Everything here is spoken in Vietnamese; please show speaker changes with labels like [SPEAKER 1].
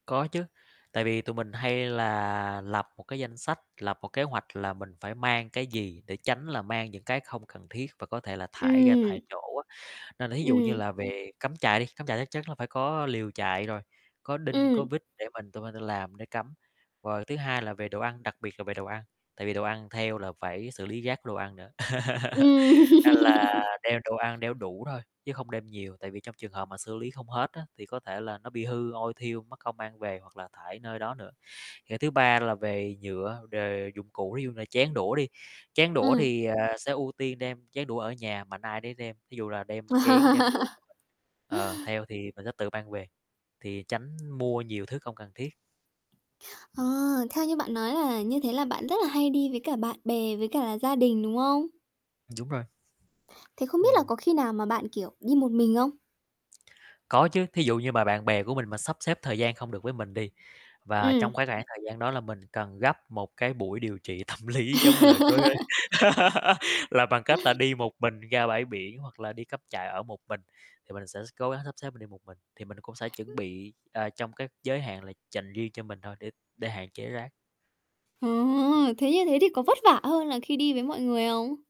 [SPEAKER 1] Có chứ, tại vì tụi mình hay là lập một cái danh sách, lập một kế hoạch là mình phải mang cái gì, để tránh là mang những cái không cần thiết và có thể là thải ra
[SPEAKER 2] Ừm.
[SPEAKER 1] tại chỗ á. Nên là thí dụ như
[SPEAKER 2] Ừm.
[SPEAKER 1] là về cắm trại đi, cắm trại chắc chắn là phải có liều trại rồi, có đinh,
[SPEAKER 2] Ừm.
[SPEAKER 1] có vít để mình tụi mình tự làm để cắm. Và thứ hai là về đồ ăn, đặc biệt là về đồ ăn, tại vì đồ ăn theo là phải xử lý rác đồ ăn nữa,
[SPEAKER 2] Ừm.
[SPEAKER 1] nên là đem đồ ăn đeo đủ thôi, chứ không đem nhiều. Tại vì trong trường hợp mà xử lý không hết á, thì có thể là nó bị hư, ôi thiu, mắc công mang về hoặc là thải nơi đó nữa. Rồi thứ ba là về nhựa, đề dụng cụ, thí dụ như là chén đũa đi. Chén đũa
[SPEAKER 2] Ừm.
[SPEAKER 1] thì, ờ, sẽ ưu tiên đem chén đũa ở nhà, mạnh ai nấy đem, thí dụ là đem chén, đem đũa của mình, ờ, theo thì mình sẽ tự mang về, thì tránh mua nhiều thứ không cần thiết.
[SPEAKER 2] Ờ, theo như bạn nói là như thế là bạn rất là hay đi với cả bạn bè, với cả là gia đình, đúng không?
[SPEAKER 1] Đúng rồi.
[SPEAKER 2] Thế không biết là
[SPEAKER 1] Ừm.
[SPEAKER 2] có khi nào mà bạn, kiểu, đi một mình không?
[SPEAKER 1] Có chứ, thí dụ như mà bạn bè của mình mà sắp xếp thời gian không được với mình đi, và
[SPEAKER 2] Ừm.
[SPEAKER 1] trong cái khoảng thời gian đó là mình cần gấp một cái buổi điều trị tâm lý giống như là đối với là bằng cách là đi một mình ra bãi biển hoặc là đi cắm trại ở một mình, thì mình sẽ s cố gắng sắp xếp mình đi một mình. Thì mình cũng sẽ chuẩn
[SPEAKER 2] Ưm.
[SPEAKER 1] bị, à, trong cái giới hạn là dành riêng cho mình thôi, để để hạn chế rác.
[SPEAKER 2] Ờ ha, thế như thế thì có vất vả hơn là khi đi với mọi người không?